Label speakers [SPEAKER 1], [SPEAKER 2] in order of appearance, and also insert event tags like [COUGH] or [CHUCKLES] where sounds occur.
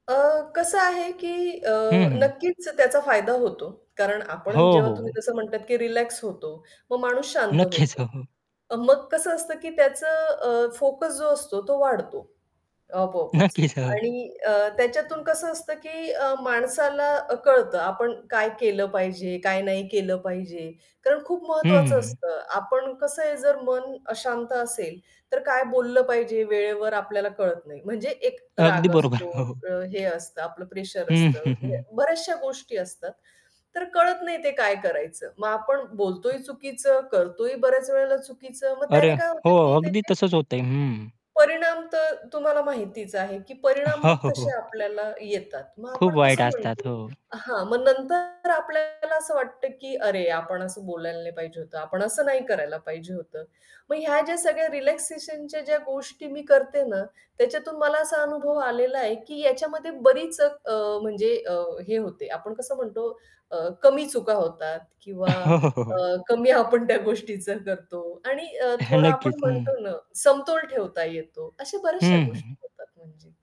[SPEAKER 1] अ, कसं आहे, की अ,
[SPEAKER 2] हं, हं.
[SPEAKER 1] नक्कीच त्याचा फायदा होतो. कारण
[SPEAKER 2] हो,
[SPEAKER 1] आपण जेव्हा
[SPEAKER 2] हो, हो.
[SPEAKER 1] तुम्ही तसं म्हणतात, की रिलॅक्स होतो, मग माणूस शांत
[SPEAKER 2] नक्कीच,
[SPEAKER 1] होतो.
[SPEAKER 2] हो, हो.
[SPEAKER 1] अ, मग कसं असतं की त्याचं अ, फोकस जो असतो, तो वाढतो. आपोआपच.
[SPEAKER 2] नक्कीच, हो.
[SPEAKER 1] आणि अ, त्याच्यातून कसं असतं, की अ, माणसाला अ, कळतं आपण काय केलं पाहिजे, काय नाही केलं पाहिजे. कारण खूप
[SPEAKER 2] हं, हं,
[SPEAKER 1] महत्त्वाचं
[SPEAKER 2] हं.
[SPEAKER 1] असतं. आपण कसं आहे जर मन अशांत असेल, तर काय बोललं पाहिजे वेळेवर आपल्याला कळत नाही. म्हणजे एक अ,
[SPEAKER 2] अगदी
[SPEAKER 1] राग
[SPEAKER 2] बरोबर,
[SPEAKER 1] असतो,
[SPEAKER 2] हो, हो.
[SPEAKER 1] अ, हे असतं, आपलं प्रेशर असतं, म्हणजे
[SPEAKER 2] हं. [CHUCKLES]
[SPEAKER 1] बऱ्याचशा गोष्टी असतात. तर कळत नाही ते काय करायचं. मग आपण बोलतोही चुकीचं, करतोही बऱ्याच वेळेला चुकीचं. मग
[SPEAKER 2] अरे.
[SPEAKER 1] त्याने काय होतं,
[SPEAKER 2] हो,
[SPEAKER 1] की
[SPEAKER 2] अगदी
[SPEAKER 1] त्याची
[SPEAKER 2] तसच होतंय. हं.
[SPEAKER 1] परिणाम तर तुम्हाला माहितीच आहे, की परिणाम
[SPEAKER 2] हो,
[SPEAKER 1] मग
[SPEAKER 2] हो,
[SPEAKER 1] तसे
[SPEAKER 2] हो.
[SPEAKER 1] आपल्याला येतात. मग
[SPEAKER 2] खूप
[SPEAKER 1] आपण
[SPEAKER 2] वाईट
[SPEAKER 1] कसं
[SPEAKER 2] असतात.
[SPEAKER 1] म्हणतो
[SPEAKER 2] हो.
[SPEAKER 1] हां, मग नंतर आपल्याला असं वाटतं, की अरे आपण असं बोलायला नाही पाहिजे होतं, आपण असं नाही करायला पाहिजे होतं. मग ह्या ज्या सगळ्या रिलॅक्सेशनच्या ज्या गोष्टी मी करते ना, त्याच्यातून मला असा अनुभव आलेला आहे, की याच्यामध्ये बरीच अ, म्हणजे अ, हे होते, आपण कसं म्हणतो अ, कमी चुका होतात किंवा
[SPEAKER 2] हो, हो, हो, हो.
[SPEAKER 1] अ, कमी आपण त्या गोष्टीचं करतो आणि अ,
[SPEAKER 2] [CHUCKLES]
[SPEAKER 1] थोडा आपण
[SPEAKER 2] नक्कीच. हं.
[SPEAKER 1] म्हणतो ना, समतोल ठेवता येतो. अशा बऱ्याचश्या
[SPEAKER 2] हं,
[SPEAKER 1] गोष्टी
[SPEAKER 2] हं.
[SPEAKER 1] होतात म्हणजे.